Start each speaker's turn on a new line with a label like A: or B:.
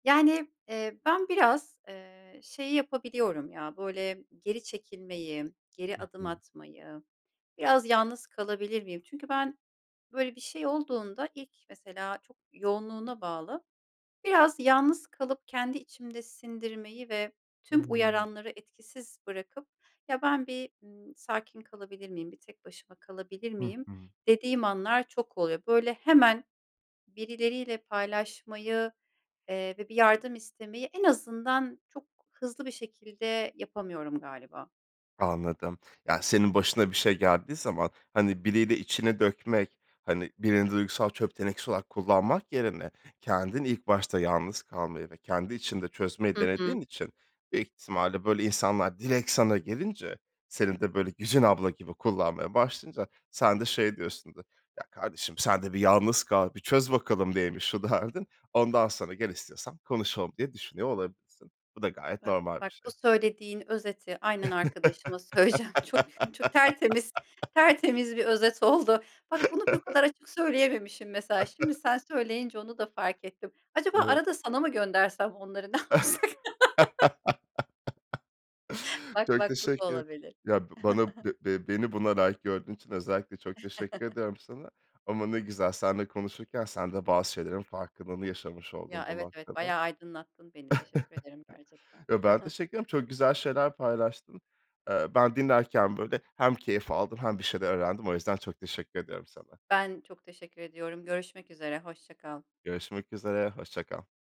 A: Yani, eee, ben biraz, eee, şeyi yapabiliyorum ya, böyle geri çekilmeyi, geri
B: Hı
A: adım
B: hı.
A: atmayı, "Biraz yalnız kalabilir miyim?" Çünkü ben böyle bir şey olduğunda ilk mesela, çok yoğunluğuna bağlı, biraz yalnız kalıp kendi içimde sindirmeyi ve tüm
B: Hımm.
A: uyaranları etkisiz bırakıp "Ya, ben bir, ımm, sakin kalabilir miyim, bir tek başıma kalabilir
B: Hı
A: miyim?"
B: hı.
A: dediğim anlar çok oluyor, böyle, hemen birileriyle paylaşmayı, eee, ve bir yardım istemeyi, en azından çok hızlı bir şekilde, yapamıyorum galiba.
B: Anladım. Yani, senin başına bir şey geldiği zaman, hani, biriyle içini dökmek, hani, birini duygusal çöp tenekesi olarak kullanmak yerine kendin ilk başta yalnız kalmayı ve kendi içinde çözmeyi
A: Hı hı.
B: denediğin için büyük ihtimalle böyle insanlar direkt sana gelince, senin de böyle Güzin abla gibi kullanmaya başlayınca sen de şey diyorsun, [unintelligible] "Ya, kardeşim sen de bir yalnız kal, bir çöz bakalım neymiş şu derdin, ondan sonra gel istiyorsan konuşalım." diye düşünüyor olabilirsin. Bu da gayet
A: Bak
B: normal bir
A: bak
B: şey.
A: bu söylediğin özeti aynen arkadaşıma söyleyeceğim çok, çok tertemiz, tertemiz bir özet oldu. Bak, bunu bu o kadar açık söyleyememişim mesela, şimdi sen söyleyince onu da fark ettim. Acaba
B: [unintelligible]
A: arada sana mı göndersem onları ne yapsak? Bak
B: Çok
A: bak bu da
B: teşekkür.
A: olabilir.
B: Ya b bana be be beni buna layık gördüğün için özellikle çok teşekkür ediyorum sana ama ne güzel, seninle konuşurken sen de bazı şeylerin farkındalığını yaşamış
A: Ya,
B: oldun bu
A: evet, evet.
B: noktada.
A: Bayağı aydınlattın beni, teşekkür ederim gerçekten.
B: Eee, ben teşekkür ederim, çok güzel şeyler paylaştın. Eee, Ben dinlerken, böyle, hem keyif aldım hem bir şeyler öğrendim. O yüzden çok teşekkür ediyorum sana.
A: Ben çok teşekkür ediyorum. Görüşmek üzere, hoşça kal.
B: Görüşmek üzere, hoşça kal.